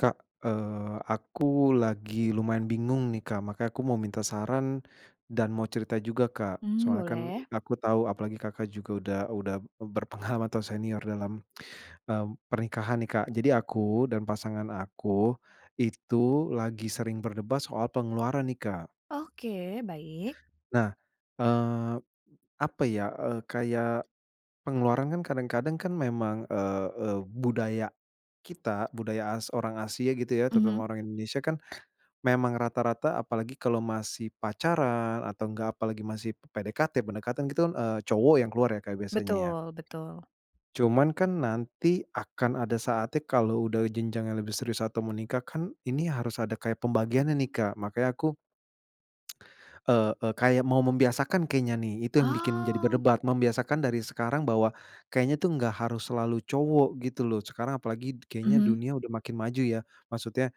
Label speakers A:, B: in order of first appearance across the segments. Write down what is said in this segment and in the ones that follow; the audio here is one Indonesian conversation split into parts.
A: Kak, eee, aku lagi lumayan bingung nih, Kak, makanya aku mau minta saran dan mau cerita juga, Kak.
B: Hmm,
A: Soalnya kan
B: boleh.
A: aku tahu apalagi Kakak juga udah udah berpengalaman atau senior dalam, mmm, pernikahan nih Kak. Jadi aku dan pasangan aku, itu lagi sering berdebat soal pengeluaran nih Kak.
B: Oke, baik.
A: Nah, eee, apa ya, eee, kayak pengeluaran kan kadang-kadang kan memang, eee eee, budaya kita, budaya as orang Asia gitu ya
B: Mhm.
A: terutama orang Indonesia kan memang rata-rata apalagi kalau masih pacaran atau enggak apalagi masih PDKT, pendekatan gitu kan, eee, cowok yang keluar ya Kak biasanya ya?
B: Betul, betul.
A: Cuman kan nanti akan ada saatnya kalau udah jenjang yang lebih serius atau menikah kan ini harus ada kayak pembagiannya nih Kak, makanya aku eee, eee, kayak mau membiasakan kayaknya nih itu yang bikin jadi
B: Oh!
A: berdebat. Membiasakan dari sekarang bahwa kayaknya tuh enggak harus selalu cowok gitu loh, sekarang apalagi kayaknya
B: Mhm.
A: dunia udah makin maju ya. Maksudnya,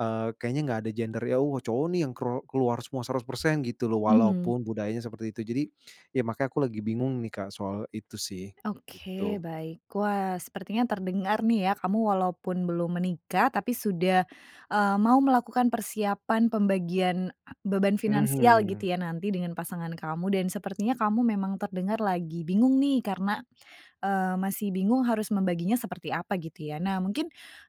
A: eee, kayaknya nggak ada gender, yang, oh, cowok nih yang ker keluar semua 100% gitu loh,
B: Mhm.
A: walaupun budayanya seperti itu. Jadi ya makanya aku lagi bingung nih Kak soal itu sih itu.
B: Oke
A: Gitu.
B: baik. Wah, sepertinya terdengar nih ya kamu walaupun belum menikah tapi sudah, eee, mau melakukan persiapan pembagian beban finansial gitu
A: Mhm.
B: ya nanti dengan pasangan kamu. Dan sepertinya kamu memang terdengar lagi bingung nih karena, eee, masih bingung harus membaginya seperti apa gitu ya? Nah, mungkin,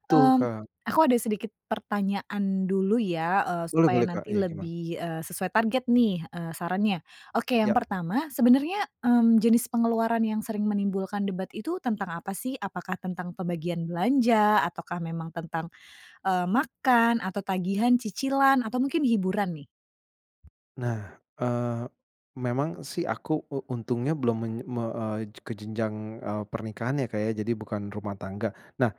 A: Betul,
B: mmm,
A: Kak.
B: aku ada sedikit pertanyaan dulu ya, eee,
A: Boleh
B: supaya
A: boleh, Kak.
B: nanti
A: Iya, gimana?
B: lebih, eee, sesuai target nih, eee, sarannya. Oke yang
A: Ya,
B: pertama, sebenarnya, mmm, jenis pengeluaran yang sering menimbulkan debat itu tentang apa sih? Apakah tentang pembagian belanja, ataukah memang tentang, eee, makan atau tagihan, cicilan, atau mungkin hiburan nih?
A: Nah, eee, memang sih aku u untungnya belum men me eee, ke jenjang, eee, pernikahan ya Kak ya, jadi bukan rumah tangga. Nah,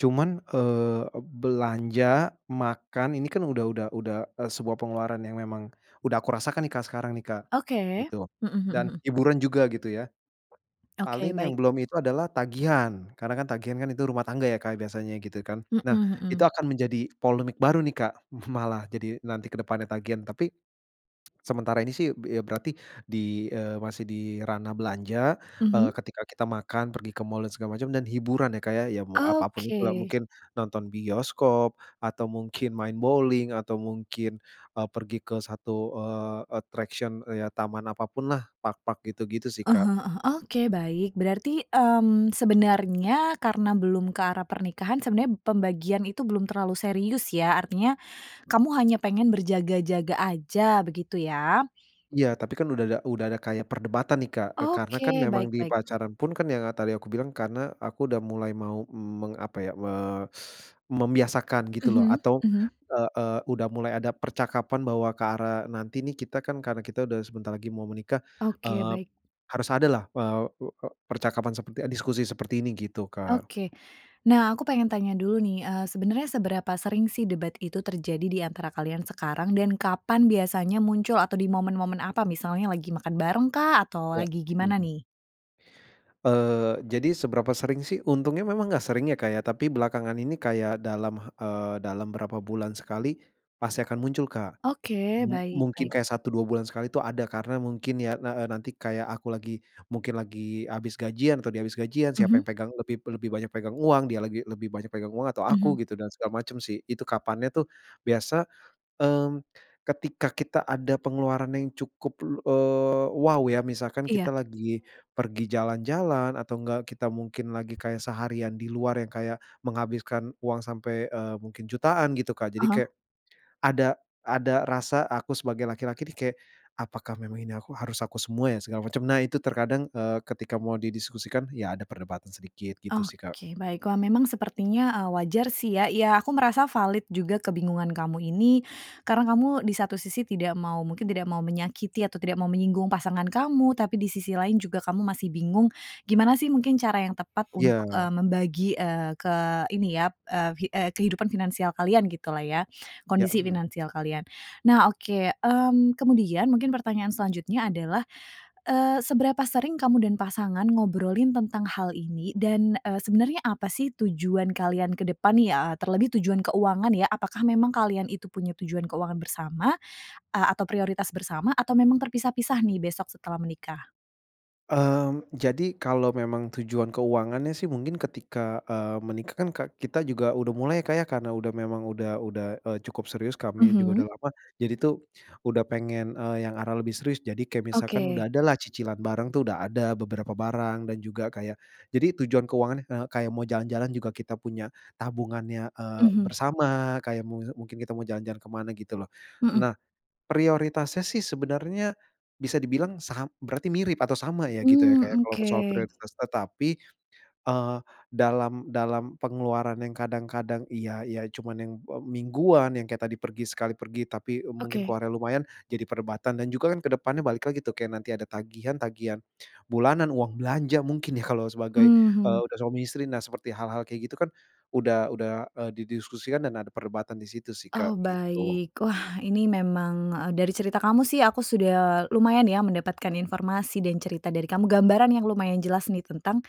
A: cuman, eee, belanja, makan, ini kan udah udah udah, eee, sebuah pengeluaran yang memang udah aku rasakan nih Kak sekarang nih Kak,
B: Oke.
A: gitu.
B: Mhm mhm
A: Dan
B: mhm.
A: hiburan juga gitu ya.
B: Oke,
A: Paling yang
B: baik.
A: belum itu adalah tagihan, karena kan tagihan kan itu rumah tangga ya Kak biasanya gitu kan.
B: Mhm
A: Nah itu
B: mhm.
A: akan menjadi polemik baru nih Kak, malah, jadi nanti ke depannya tagihan, tapi sementara ini sih, bi eee, ya berarti di, eee, masih di ranah belanja, eee,
B: Mhm?
A: ketika kita makan, pergi ke mall, dan segala macam, dan hiburan ya Kak ya, ya mau apa pun itu lah,
B: Oke.
A: mungkin nonton bioskop atau mungkin main bowling atau mungkin, eee, pergi ke satu, eee, attraction, eee, ya taman apa pun lah, park-park gitu-gitu sih
B: Ah
A: Kak.
B: hah ah hah, eee, oke, baik. Berarti, mmm, sebenarnya karena belum ke arah pernikahan sebenarnya pembagian itu belum terlalu serius ya? Artinya kamu hanya pengen berjaga-jaga aja begitu ya?
A: Iya, tapi kan udah ada udah ada kayak perdebatan nih Kak, eee, karena kan
B: Oke,
A: memang
B: baik
A: di
B: baik.
A: pacaran pun kan yang, ah, tadi aku bilang, karena aku udah mulai mau meng apa ya, me membiasakan gitu loh
B: Mhm
A: atau,
B: mhm.
A: eee eee, udah mulai ada percakapan bahwa ke arah nanti nih kita kan karena kita sudah sebentar lagi mau menikah,
B: Oke,
A: eee,
B: baik.
A: harus adalah, eee eee eee, percakapan seperti eee, diskusi seperti ini, gitu Kak.
B: Oke. Nah, aku pengen tanya dulu nih, eee, sebenarnya seberapa sering sih debat itu terjadi di antara kalian sekarang dan kapan biasanya muncul atau di momen-momen apa? Misalnya lagi makan barengkah? Atau
A: Ya.
B: lagi gimana nih?
A: Eee, jadi seberapa sering sih? Untungnya memang nggak sering ya Kak ya, tapi belakangan ini kayak dalam eee, dalam berapa bulan sekali pasti akan muncul Kak.
B: Oke,
A: Mu
B: baik
A: mungkin
B: baik.
A: kayak 1, 2 bulan sekali itu ada, ya karena mungkin ya, eee eee, nanti kayak aku lagi mungkin lagi habis gajian atau dia habis gajian siapa
B: Mhm?
A: yang pegang lebih lebih banyak pegang uang, dia lagi lebih banyak pegang uang atau aku
B: Mhm.
A: gitu, dan segala macam sih. Itu kapannya tuh biasa, mmm, ketika kita ada pengeluaran yang cukup lu eee, wow, ya, misalkan
B: Iya.
A: kita lagi pergi jalan-jalan atau nggak kita mungkin lagi kayak seharian di luar yang kayak menghabiskan uang sampai, eee, mungkin jutaan, gitu Kak.
B: Ah
A: Jadi
B: hah.
A: kayak ada ada rasa aku sebagai laki-laki nih kayak "Apakah memang ini aku harus aku semua ya?" Segala macem. Nah itu terkadang, eee, ketika mau didiskusikan ya ada perdebatan sedikit gitu sih Kak.
B: Oke, baik. Wah memang sepertinya, eee, wajar sih ya, iya aku merasa valid juga kebingungan kamu ini, karena kamu di satu sisi tidak mau mungkin tidak mau menyakiti atau tidak mau menyinggung pasangan kamu, tapi di sisi lain juga kamu masih bingung gimana sih mungkin cara yang tepat untuk, eee,
A: Iya.
B: membagi, eee, ke ini ya, eee, hi eee, kehidupan finansial kalian gitulah ya,
A: Ya,
B: kondisi
A: mmm.
B: finansial kalian. Nah, oke, mmm, kemudian mungkin pertanyaan selanjutnya adalah, eee, seberapa sering kamu dan pasangan ngobrolin tentang hal ini? Dan, eee, sebenarnya apa sih tujuan kalian ke depan ya, terlebih tujuan keuangan ya? Apakah memang kalian itu punya tujuan keuangan bersama, eee, atau prioritas bersama? Atau memang terpisah-pisah nih besok setelah menikah?
A: Mmm, jadi kalau memang tujuan keuangannya sih mungkin ketika, eee, menikah kan ke kita juga udah mulai ya Kak ya, karena udah memang udah udah, eee, cukup serius, kami juga udah
B: Mhm.
A: lama. Jadi tuh udah pengen, eee, yang arah lebih serius. Jadi kayak misalkan
B: Oke.
A: udah ada lah cicilan bareng tuh udah ada beberapa barang dan juga kayak jadi tujuan keuangannya, eee, kayak mau jalan-jalan juga kita punya tabungannya, eee,
B: Mhm.
A: bersama kayak mu mungkin kita mau jalan-jalan ke mana gitu loh.
B: Mhm.
A: Nah, prioritasnya sih sebenarnya bisa dibilang sa berarti mirip atau sama ya gitu ya kayak
B: Mmm
A: kalau
B: oke.
A: soal prioritas, tetapi, eee, dalam dalam pengeluaran yang kadang-kadang, iya iya, cuman yang mingguan yang kayak tadi pergi sekali pergi tapi, eee, mungkin
B: Oke.
A: keluarnya lumayan jadi perdebatan. Dan juga kan ke depannya balik lagi tuh kayak nanti ada tagihan tagihan bulanan, uang belanja mungkin ya kalau sebagai, eee,
B: Mhm.
A: udah suami istri. Nah seperti hal-hal kayak gitu kan udah udah, eee, didiskusikan dan ada perdebatan di situ sih Kak,
B: Oh,
A: gitu.
B: baik. Wah ini memang eee, dari cerita kamu sih aku sudah lumayan ya mendapatkan informasi dan cerita dari kamu, gambaran yang lumayan jelas nih tentang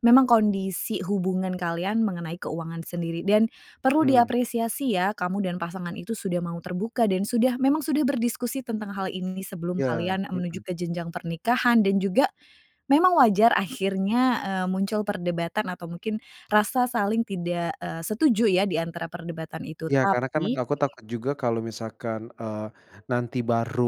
B: memang kondisi hubungan kalian mengenai keuangan sendiri. Dan perlu
A: Hmm.
B: diapresiasi ya kamu dan pasangan itu sudah mau terbuka dan sudah memang sudah berdiskusi tentang hal ini sebelum
A: Iya,
B: kalian
A: mhm.
B: menuju ke jenjang pernikahan dan juga memang wajar akhirnya, eee, muncul perdebatan atau mungkin rasa saling tidak, eee, setuju ya, di antara perdebatan itu.
A: Iya, karena kan
B: Tapi
A: aku takut juga kalau misalkan, eee, nanti baru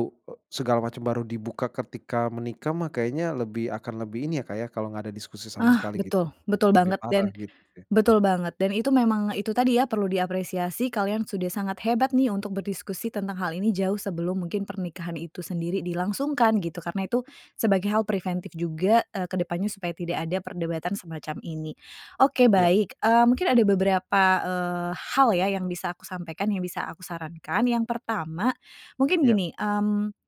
A: segala macam baru dibuka ketika menikah mah kayaknya lebih akan lebih ini ya Kak ya kalau nggak ada diskusi sama
B: Ah!
A: sekali gitu.
B: Betul, betul
A: Lebih
B: banget,
A: parah
B: dan
A: gitu deh.
B: betul banget. Dan itu memang itu tadi ya, perlu diapresiasi kalian sudah sangat hebat nih untuk berdiskusi tentang hal ini jauh sebelum mungkin pernikahan itu sendiri dilangsungkan gitu, karena itu sebagai hal preventif juga, eee, ke depannya supaya tidak ada perdebatan semacam ini. Oke
A: Iya.
B: baik, eee, mungkin ada beberapa, eee, hal ya yang bisa aku sampaikan, yang bisa aku sarankan. Yang pertama, mungkin
A: Iya.
B: gini, mmm,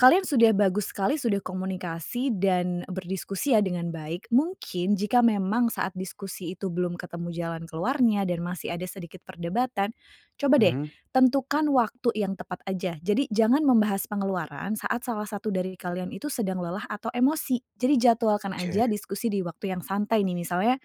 B: kalian sudah bagus sekali sudah komunikasi dan berdiskusi ya dengan baik, mungkin jika memang saat diskusi itu belum ketemu jalan keluarnya dan masih ada sedikit perdebatan, coba deh
A: Mhm.
B: tentukan waktu yang tepat aja. Jadi jangan membahas pengeluaran saat salah satu dari kalian itu sedang lelah atau emosi. Jadi jadwalkan aja
A: Oke.
B: diskusi di waktu yang santai nih misalnya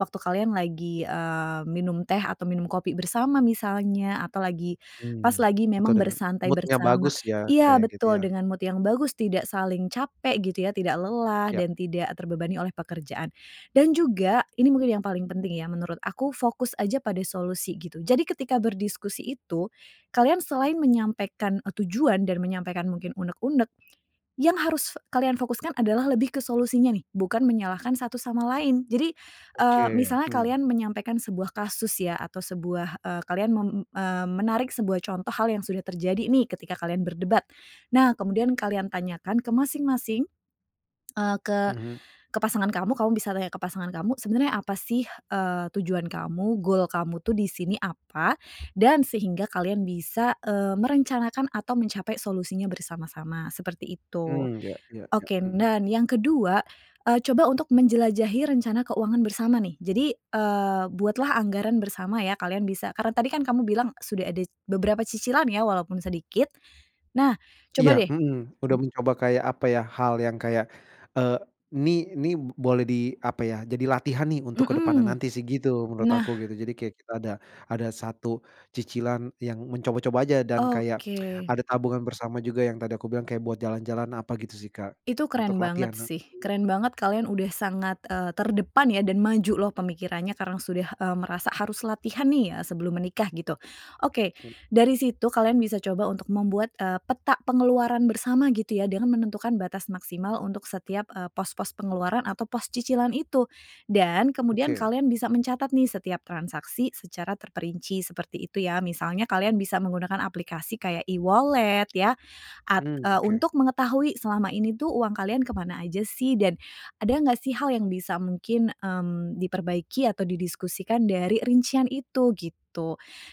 B: waktu kalian lagi, eee, minum teh atau minum kopi bersama misalnya, atau lagi pas
A: Hmm,
B: lagi
A: atau
B: memang
A: dengan
B: bersantai
A: mood-nya
B: bersama
A: bagus ya?
B: iya!
A: Kayak gitu
B: Betul,
A: ya?
B: dengan mood yang bagus, tidak saling capek gitu ya, tidak lelah,
A: Ya.
B: dan tidak terbebani oleh pekerjaan. Dan juga ini mungkin yang paling penting ya menurut aku fokus aja pada solusi gitu. Jadi ketika berdiskusi itu, kalian selain menyampaikan, eee, tujuan dan menyampaikan mungkin unek-unek, yang harus kalian fokuskan adalah lebih ke solusinya nih, bukan menyalahkan satu sama lain. Jadi, eee,
A: Oke,
B: misalnya
A: hmm.
B: kalian menyampaikan sebuah kasus ya atau sebuah, eee, kalian mem eee, menarik sebuah contoh hal yang sudah terjadi nih ketika kalian berdebat. Nah, kemudian kalian tanyakan ke masing-masing, eee, ke
A: Mhm.
B: ke pasangan kamu, kamu bisa tanya ke pasangan kamu sebenarnya apa sih, eee, tujuan kamu, gol kamu tuh di sini apa dan sehingga kalian bisa, eee, merencanakan atau mencapai solusinya bersama-sama, seperti itu.
A: Hmm. Ya iya ya.
B: Oke,
A: Mhm.
B: nan yang ke-2, eee, coba untuk menjelajahi rencana keuangan bersama nih. Jadi, eee, buatlah anggaran bersama ya, kalian bisa karena tadi kan kamu bilang sudah ada beberapa cicilan ya walaupun sedikit, nah
A: Iya,
B: coba deh
A: mhm, udah mencoba kayak apa ya, hal yang kayak, eee, nih nih boleh di apa ya, jadi latihan nih untuk ke depannya
B: Mhm.
A: nanti sih gitu menurut
B: Nah.
A: aku gitu. Jadi kayak kita ada ada satu cicilan yang mencoba-coba aja dan kayak
B: Oke.
A: ada tabungan bersama juga yang tadi aku bilang kayak buat jalan-jalan apa gitu sih Kak,
B: Itu
A: untuk
B: keren
A: latihan
B: banget
A: nanti.
B: sih. Keren banget kalian udah sangat, eee, terdepan ya dan maju loh pemikirannya karena sudah, eee, merasa harus latihan nih, eee, sebelum menikah gitu. Oke, dari situ kalian bisa coba untuk membuat, eee, peta pengeluaran bersama gitu ya dengan menentukan batas maksimal untuk setiap, eee, pos-pos pengeluaran atau pos cicilan itu. Dan kemudian
A: Oke.
B: kalian bisa mencatat nih setiap transaksi secara terperinci, seperti itu ya. Misalnya kalian bisa menggunakan aplikasi kayak e-wallet ya, at
A: Hmm.
B: eee,
A: Oke.
B: untuk mengetahui selama ini tuh uang kalian ke mana aja sih. Dan ada nggak sih hal yang bisa mungkin, mmm, diperbaiki atau didiskusikan dari rincian itu gitu.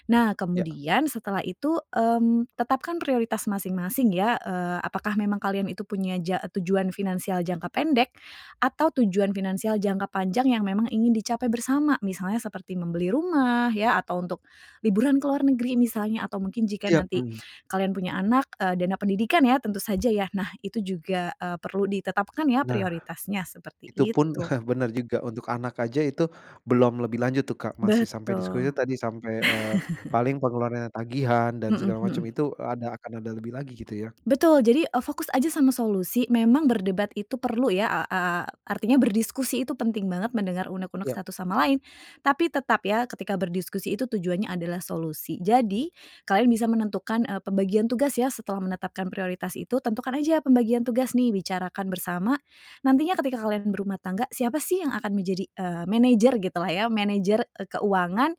B: Nah
A: Ya.
B: kemudian setelah itu, mmm, tetapkan prioritas masing-masing ya, eee, apakah memang kalian itu punya ja tujuan finansial jangka pendek, atau tujuan finansial jangka panjang yang memang ingin dicapai bersama. Misalnya seperti membeli rumah ya atau untuk liburan ke luar negeri misalnya atau mungkin jika
A: Iya,
B: nanti
A: mmm.
B: kalian punya anak, eee, dana pendidikan ya tentu saja ya, nah itu juga, eee, perlu ditetapkan ya
A: Nah,
B: prioritasnya, seperti
A: itu pun,
B: itu.
A: bener juga, untuk anak aja itu belum lebih lanjut tuh Kak, masih sampai
B: Betul.
A: diskusi tadi, sampai, eee, paling pengeluarannya tagihan dan
B: Mhm
A: segala macam
B: mhm.
A: itu, eee, ada akan ada lebih lagi gitu ya?
B: Betul, jadi, eee, fokus aja sama solusi, memang berdebat itu perlu ya a a artinya berdiskusi itu penting banget, mendengar unek-unek
A: Iya.
B: satu sama
A: Hmm.
B: lain, tapi tetap ya ketika berdiskusi itu tujuannya adalah solusi. Jadi kalian bisa menentukan, eee, pembagian tugas ya setelah menetapkan prioritas itu, tentukan aja pembagian tugas nih bicarakan bersama, nantinya ketika kalian berumah tangga, siapa sih yang akan menjadi, eee, manajer gitulah ya, manajer, eee, keuangan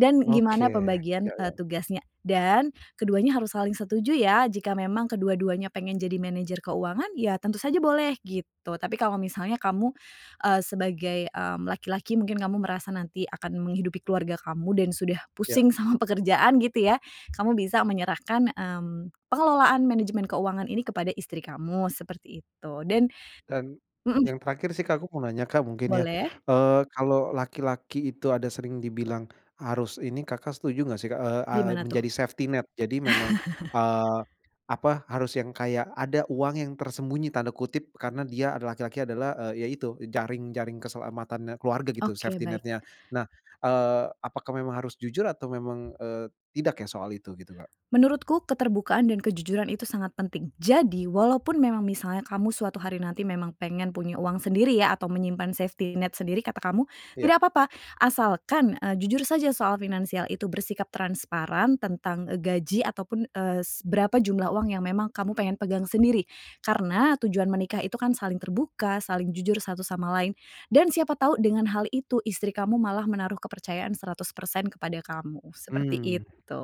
B: dan
A: Oke,
B: gimana pembagian,
A: ya ya
B: eee,
A: ya.
B: tugasnya. Dan keduanya harus saling setuju ya, jika memang kedua-duanya pengen jadi manajer keuangan ya, tentu saja boleh, gitu. Tapi kalau misalnya kamu, eee, sebagai, mmm, laki-laki, mungkin kamu merasa nanti akan menghidupi keluarga kamu dan sudah
A: Ya.
B: pusing sama pekerjaan gitu ya, kamu bisa menyerahkan, mmm, pengelolaan manajemen keuangan ini kepada istri kamu, seperti itu. Dan
A: Dan,
B: mhm.
A: yang terakhir sih Kak aku mau nanya Kak mungkin ya,
B: Boleh.
A: eee, kalau laki-laki itu ada sering dibilang harus ini Kakak setuju nggak sih Kak, eee eee,
B: Gimana tuh?
A: menjadi safety net. Jadi memang, eee, apa, harus yang kayak ada uang yang "tersembunyi" tanda kutip, karena dia ada laki-laki adalah, eee, ya itu jaring jaring keselamatannya keluarga gitu,
B: Oke,
A: safety
B: baik.
A: net-nya. Nah, eee, apakah memang harus jujur atau memang, eee, tidak ya soal itu gitu Kak?
B: Menurutku keterbukaan dan kejujuran itu sangat penting. Jadi, walaupun memang misalnya kamu suatu hari nanti memang pengen punya uang sendiri ya atau menyimpan safety net sendiri kata kamu,
A: Iya.
B: tidak papa. Asalkan, eee, jujur saja soal finansial itu bersikap transparan tentang, eee, gaji, atau pun, eee, s berapa jumlah uang yang memang kamu pengen pegang sendiri. Karena tujuan menikah itu kan saling terbuka, saling jujur satu sama lain, dan siapa tahu dengan hal itu istri kamu malah menaruh kepercayaan 100% kepada kamu,
A: Hmm,
B: seperti itu.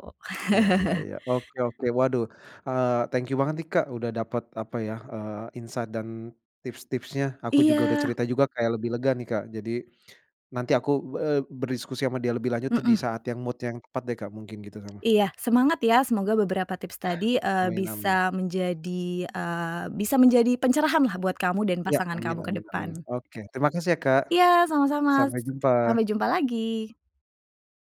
A: iya iya iya. Oke oke. Waduh, eee, thank you banget nih, Kak, udah dapat, apa ya, eee, insight dan tips-tipsnya. Aku juga udah
B: Iya.
A: cerita juga kayak lebih lega nih Kak. Jadi nanti aku be eee, berdiskusi ama dia lebih lanjut tuh di
B: Mhm.
A: saat yang mood yang tepat deh Kak mungkin gitu sama
B: Iya, semangat ya! Semoga beberapa tips tadi, eee,
A: Amin amin.
B: bisa menjadi, eee, bisa menjadi pencerahan lah buat kamu dan
A: Iya,
B: pasangan
A: amin
B: kamu ke
A: amin amin.
B: depan.
A: Oke terima kasih ya Kak.
B: Iya sama-sama,
A: Sampai
B: s
A: jumpa.
B: sampai jumpa lagi!